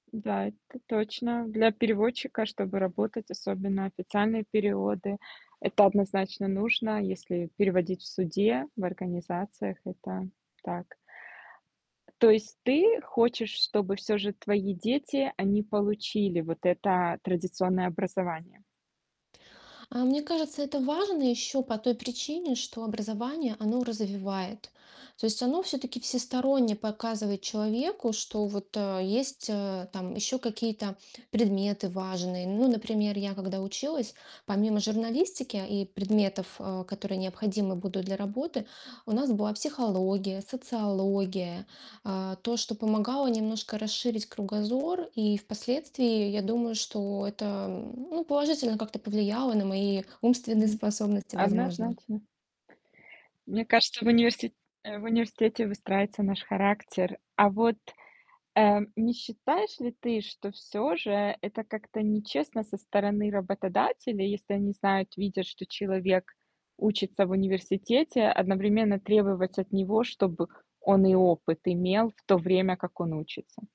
Да, это точно. Для переводчика чтобы работать, особенно официальные переводы- это однозначно нужно, если переводить в суде, в организациях. Это так. То есть ты хочешь, чтобы всё же твои дети, они получили вот это традиционное образование? А, мне кажется, это важно ещё по той причине, что образование, оно развивает. То есть оно всё-таки всесторонне показывает человеку, что вот, э, есть, э, там ещё какие-то предметы важные. Ну например, я, когда училась, помимо журналистики и предметов, а, которые необходимы будут для работы, у нас была психология, социология. А, то, что помогало немножко расширить кругозор. И впоследствии, я думаю, что это, м, ну положительно как-то повлияло на мои умственные Мгм. способности, возможно. Однозначно. Мне кажется, в универси э, в университете выстраивается наш характер. А вот, э, не считаешь ли ты, что всё же это как-то нечестно со стороны работодателя. Если они знают, видят, что человек учится в университете, одновременно требовать от него, чтобы он и опыт имел в то время, как он учится?